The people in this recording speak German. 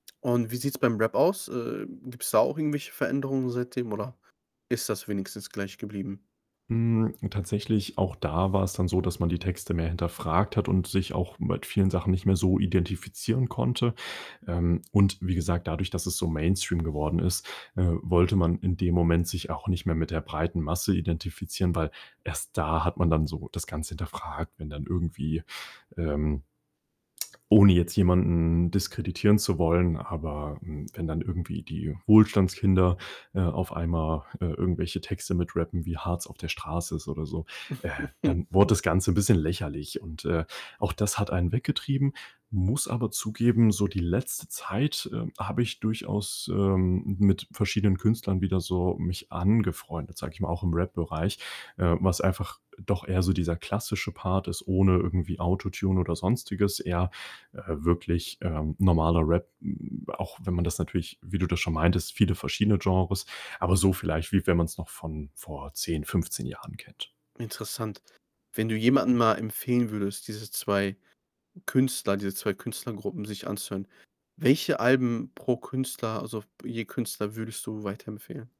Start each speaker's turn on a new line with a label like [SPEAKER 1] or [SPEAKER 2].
[SPEAKER 1] Und wie sieht's beim Rap aus? Ähm, gibt's da auch irgendwelche Veränderungen seitdem oder ist das wenigstens gleich geblieben?
[SPEAKER 2] Hm, tatsächlich auch da war es dann so, dass man die Texte mehr hinterfragt hat und sich auch mit vielen Sachen nicht mehr so identifizieren konnte. Ähm, und wie gesagt, dadurch, dass es so Mainstream geworden ist, äh, wollte man in dem Moment sich auch nicht mehr mit der breiten Masse identifizieren, weil erst da hat man dann so das Ganze hinterfragt, wenn dann irgendwie, ähm ohne jetzt jemanden diskreditieren zu wollen, aber, hm, wenn dann irgendwie die Wohlstandskinder, äh, auf einmal, äh, irgendwelche Texte mit rappen, wie hart es auf der Straße ist, oder so, äh, dann wurde das Ganze 'n bisschen lächerlich und, äh, auch das hat einen weggetrieben, muss aber zugeben, so die letzte Zeit, ähm, habe ich durchaus, ähm, mit verschiedenen Künstlern wieder so mich angefreundet, sage ich mal, auch im Rap-Bereich, äh, was einfach, äh, doch eher so dieser klassische Part ist ohne irgendwie Autotune oder sonstiges, eher, äh, wirklich, ähm, normaler Rap, hm, auch wenn man das natürlich wie du das schon meintest, viele verschiedene Genres, aber so vielleicht, wie wenn man's noch von vor 10, 15 Jahren kennt.
[SPEAKER 1] Interessant. Wenn du jemanden mal empfehlen würdest, diese 2 Künstler diese 2 Künstlergruppen sich anzuhören, welche Alben pro Künstler, also f je Künstler würdest du weiterempfehlen?